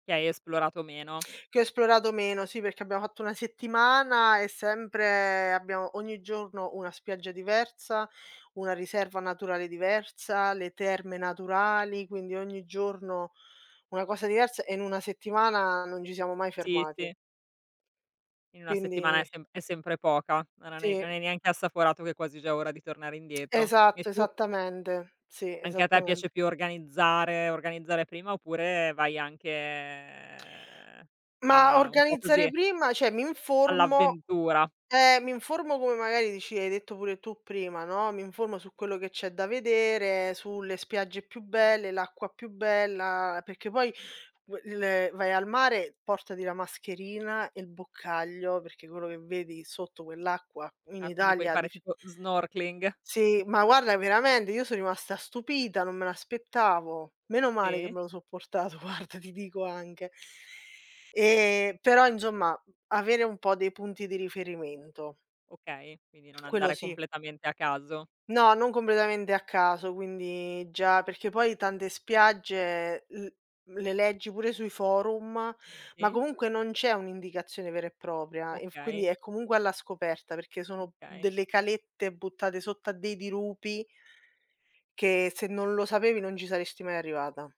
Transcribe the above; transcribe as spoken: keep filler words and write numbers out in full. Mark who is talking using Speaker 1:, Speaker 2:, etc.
Speaker 1: Che hai esplorato meno.
Speaker 2: Che ho esplorato meno, sì perché abbiamo fatto una settimana e sempre abbiamo ogni giorno una spiaggia diversa, una riserva naturale diversa, le terme naturali. Quindi ogni giorno una cosa diversa e in una settimana non gi siamo mai
Speaker 1: Sì
Speaker 2: fermati.
Speaker 1: sì. In una settimana è
Speaker 2: Quindi
Speaker 1: sempr è sempre poca. Non hai ne non
Speaker 2: Sì.
Speaker 1: hai neanche assaporato che è quasi già ora di tornare indietro. E
Speaker 2: Esatto,
Speaker 1: tu?
Speaker 2: esattamente, sì,
Speaker 1: Anche a te
Speaker 2: esattamente.
Speaker 1: piace più organizzare organizzare prima oppure vai anche, ehm,
Speaker 2: Mah,
Speaker 1: a un po'
Speaker 2: organizzare
Speaker 1: così
Speaker 2: prima ceh mi informo
Speaker 1: all'avventura?
Speaker 2: eh, mi informo come magari dici hai detto pure tu prima, no, mi informo su quello che c'è da vedere, sulle spiagge più belle, l'acqua più bella. Perché poi il vai al mare, portati la mascherina e il boccaglio, perché quello che vedi sotto quell'acqua in
Speaker 1: Ah quindi puoi
Speaker 2: Italia
Speaker 1: fare
Speaker 2: diff
Speaker 1: tipo snorkeling?
Speaker 2: Sì, ma guarda veramende, io so rimasta stupita, non me l'aspettavo. Meno male che
Speaker 1: Sì.
Speaker 2: me lo so portato guarda, ti dico anche. E però inzomma avere un po' dei punti di riferimento.
Speaker 1: Okay, quindi non
Speaker 2: Quello
Speaker 1: andare
Speaker 2: sì.
Speaker 1: completamente a caso.
Speaker 2: No, non combledamente a caso, quindi già perché poi tante spiagge l le leggi pure sui forum ma
Speaker 1: Sì.
Speaker 2: comunque non c'è un'indicazione vera e propria, inf quindi
Speaker 1: Okay.
Speaker 2: è comunque alla scoperta perché sono mhmm,
Speaker 1: Okay.
Speaker 2: delle calette buttate sotto a dei dirupi che se non lo sapevi non ci saresti mai arrivata.